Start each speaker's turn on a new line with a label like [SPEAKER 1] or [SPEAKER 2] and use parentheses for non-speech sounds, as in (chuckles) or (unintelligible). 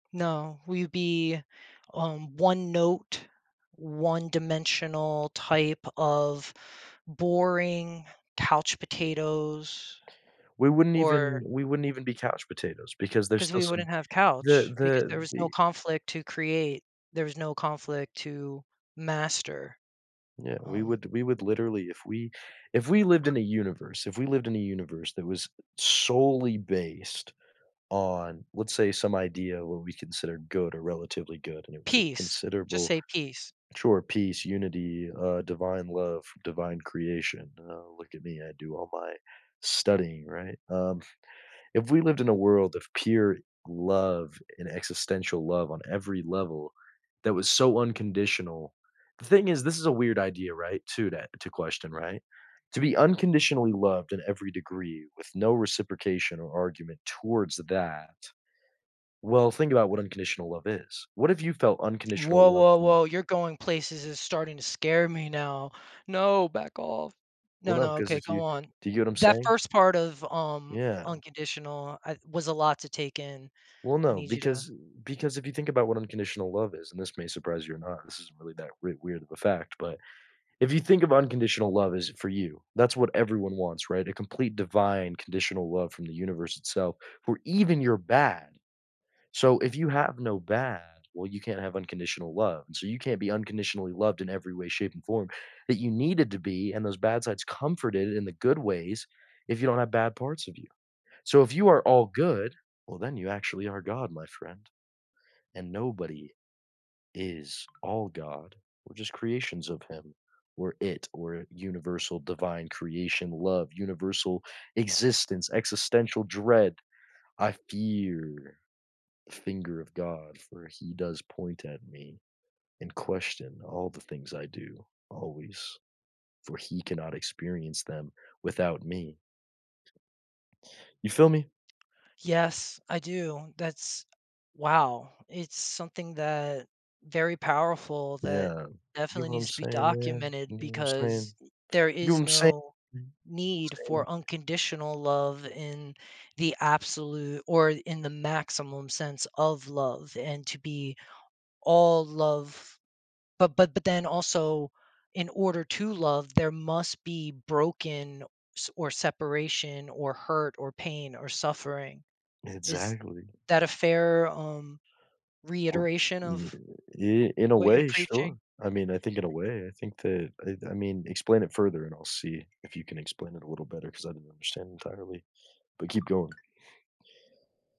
[SPEAKER 1] No. We'd be, um, one note, one dimensional type of boring couch potatoes,
[SPEAKER 2] We wouldn't even
[SPEAKER 1] or
[SPEAKER 2] we wouldn't even be couch potatoes because there's
[SPEAKER 1] 'Cause
[SPEAKER 2] still
[SPEAKER 1] we
[SPEAKER 2] some
[SPEAKER 1] wouldn't have
[SPEAKER 2] the
[SPEAKER 1] couch because
[SPEAKER 2] the
[SPEAKER 1] there was no
[SPEAKER 2] the
[SPEAKER 1] conflict to create. There was no conflict to master.
[SPEAKER 2] Yeah, we
[SPEAKER 1] Um
[SPEAKER 2] would we would literally if we if we lived in a universe if we lived in a universe that was solely based on, let's say, some idea of what we consider good or relatively good, and it was a
[SPEAKER 1] Peace, just
[SPEAKER 2] considerable
[SPEAKER 1] say, peace.
[SPEAKER 2] Sure, peace, unity, uh, divine love, divine creation. "Oh, look at me, I do all my studying," right? Um, (chuckles) if we lived in a world of pure love and existential love on every level that was so unconditional the thing is, this is a weird idea, right? To that to question, right? To be unconditionally loved in every degree with no reciprocation or argument towards that well, think about what unconditional love is. What if you felt unconditional
[SPEAKER 1] Woah,
[SPEAKER 2] love
[SPEAKER 1] woah,
[SPEAKER 2] to
[SPEAKER 1] woah, you're going places, is starting to scare me now. No, back off.
[SPEAKER 2] Well,
[SPEAKER 1] No,
[SPEAKER 2] no.
[SPEAKER 1] no,
[SPEAKER 2] 'Cause
[SPEAKER 1] okay,
[SPEAKER 2] if
[SPEAKER 1] go
[SPEAKER 2] you
[SPEAKER 1] on.
[SPEAKER 2] do you get what I'm
[SPEAKER 1] That
[SPEAKER 2] saying?
[SPEAKER 1] first part of, um,
[SPEAKER 2] Yeah.
[SPEAKER 1] unconditional I was a lot to take in.
[SPEAKER 2] Well,
[SPEAKER 1] I
[SPEAKER 2] no,
[SPEAKER 1] need you to
[SPEAKER 2] because, uh, because if you think about what unconditional love is and this may surprise you or not, this isn't really that we weird of a fact but if you think of unconditional love is for you, that's what everyone wants, right? A complete, divine, conditional love from the universe itself, for even your bad. So, if you have no bad, well, you can't have unconditional love and so, you can't be unconditionally loved in every way, shape, and form that you needed to be, and those bad sides comforted in the good ways, if you don't have bad parts of you. So, if you are all good, well then you actually are God, my friend. And nobody is all God, we're just creations of him, we're it, or universal divine creation, love, universal existence, existential dread. I fear the finger of God, for he does point at me and question all the things I do always, for he cannot experience them without me. You feel me?
[SPEAKER 1] Yes. I do. That's wow. It's something that very powerful that
[SPEAKER 2] Yeah. You
[SPEAKER 1] definitely
[SPEAKER 2] know what
[SPEAKER 1] needs
[SPEAKER 2] I'm
[SPEAKER 1] to be
[SPEAKER 2] saying, man? You
[SPEAKER 1] documented
[SPEAKER 2] know what I'm
[SPEAKER 1] because
[SPEAKER 2] saying?
[SPEAKER 1] there
[SPEAKER 2] You know
[SPEAKER 1] is
[SPEAKER 2] I'm saying?
[SPEAKER 1] no need
[SPEAKER 2] Saying?
[SPEAKER 1] for unconditional love in the absolute or in the maximum sense of love and to be all love but but but then also in order to love, there must be broken s or separation or hurt or pain or suffering. Is
[SPEAKER 2] Exactly.
[SPEAKER 1] that a fair, um,
[SPEAKER 2] (unintelligible)
[SPEAKER 1] reiteration
[SPEAKER 2] Yeah
[SPEAKER 1] of
[SPEAKER 2] ye in a
[SPEAKER 1] what you're
[SPEAKER 2] way,
[SPEAKER 1] preaching?
[SPEAKER 2] sure. I mean, I think in a way, I think that I I mean, explain it further and I'll see if you can explain it a little better 'cause I didn't understand entirely, but keep going.